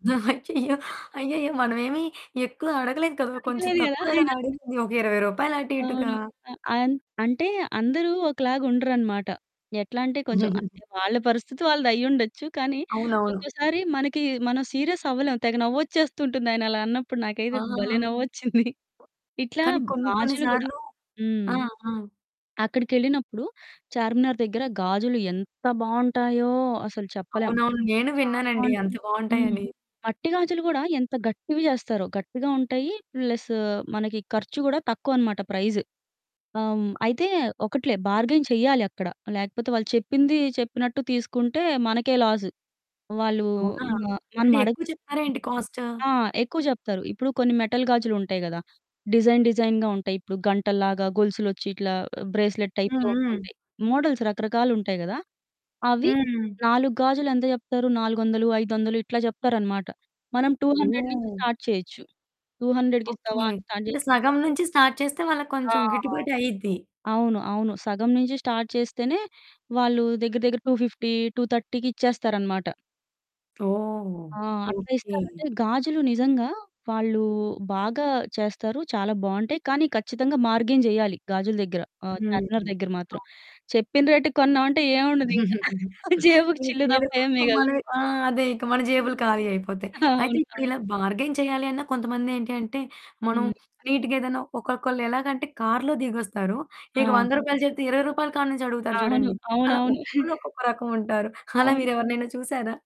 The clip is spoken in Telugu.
అయ్యయ్యో! అయ్యయ్యో! మనమేమి ఎక్కువ అడగలేదు కదా! కొంచెం అడగలేదు గదా! తక్కువే కదా ఆయనా? అడిగింది. ఒక రూ. 20 రూపాయలు అటు ఇటుగా. అవును. ఆ! అన్ అంటే అందరూ ఒకలాగుండరనమాట. ఎట్లంటే కొంచెం, వాళ్ళ పరిస్థితి వాళ్ళదయ్యుండొచ్చు. కానీ అవునవును. ఒక్కోసారి మనకి మనం సీరియస్ అవ్వలేం. తెగ నవ్వొచ్చేస్తుంటుంది ఆయనలా అన్నప్పుడు నాకైతే భలే! ఆ! నవ్వొచ్చింది. ఇట్లా కానీ కొన్ని కొన్ని గాజులు గూడా. సార్లు హ్మ్. ఆ! ఆ! అక్కడికెళ్ళినప్పుడు చార్మినార్ దగ్గర గాజులు ఎంత బావుంటాయో అసలు చెప్పలేం. అవునవును. నేను చాలా విన్నానండి బావుంటాయి. అంత హ్మ్. బావుంటాయని. మట్టి గాజులు గూడా ఎంత గట్టివి జేస్తారో. గట్టిగా ఉంటాయి. ప్లస్ మనకి ఖర్చు గూడా తక్కువనమాట ప్రైస్. ఆహ్, హ్మ్. అయితే ఒకటిలే బార్గెయిన్ చెయ్యాలి అక్కడ. లేకపోతే వాళ్ళు చెప్పింది చెప్పినట్టు తీసుకుంటే మనకే లాస్. వాళ్ళు అవునా! మ అంటే మనమడగ్ ఎక్కువ చెప్తారా ఏంటి కాస్ట్? ఆ! ఎక్కువ జెప్తారు. ఇప్పుడు కొన్ని మెటల్ గాజులుంటాయి కదా! డిజైన్ డిజైన్‌గా ఉంటాయి. ఇప్పుడు గంటల్లాగా, గొలుసులొచ్చి ఇట్లా బ్రేస్లెట్ టైప్‌లో హ్మ్. హ్మ్. ఉంటుంటాయి. మోడల్స్ రకరకాలుంటాయి గదా! అవి. హ్మ్. 4 గాజులు ఎంత జెప్తారు 400, 500 ఇట్లా జెప్తారనమాట. మనం 200 నుంచి ఓహ్! స్టార్ట్ చేయొచ్చు. 200కి ఇస్తావా? ఓకే. అని స్టార్ట్ అంటే జేసుకుంటూ సగం నుంచి స్టార్ట్ చేస్తే వాళ్ళకి ఆ! కొంచెం గిట్టుబాటు అయిద్ది. అవును. అవును. సగం నుంచి స్టార్ట్ చేస్తేనే వాళ్ళు దగ్గర దగ్గర 250, 230కి ఇచ్చేస్తారనమాట. ఓహ్! ఆ! అట్లా ఓకే. ఇస్తారు. అంటే గాజులు నిజంగా వాళ్ళు బాగా చేస్తారు. చాలా బావుంటాయి. కానీ ఖచ్చితంగా బార్గెయిన్ జేయాలి గాజుల దగ్గర. ఆహ్, హ్మ్. చార్మినార్ దగ్గర మాత్రం. ఓ చెప్పిన రేటుకి కొన్నామంటే ఏముండదు ఇంకా. జేబుకు ఇంక చిల్లు లేదు తప్ప ఏం మిగల్ మనమే ఆ! అదే, ఇక మన జేబులు హ్మ్. ఖాళీ అయిపోతాయి. అయితే అవును. ఇప్పుడు అవును. ఇలా బార్గైన్ చేయాలి అన్న కొంతమంది ఏంటి అంటే మనం హ్మ్. నీట్‌గా ఏదైనా ఒక్కొక్కళ్ళు ఎలాగంటే కార్లో దిగొస్తారు. ఇక ఆ! రూ. 100 చెప్తే రూ. 20 కాడి నుంచి అడుగుతారు అవును. చూడండి. అలా అవునవును. ఒక్కళ్ళు ఒక్కొక్క రకం ఉంటారు. అలా అవును. మీరెవరినైనా చూసారా?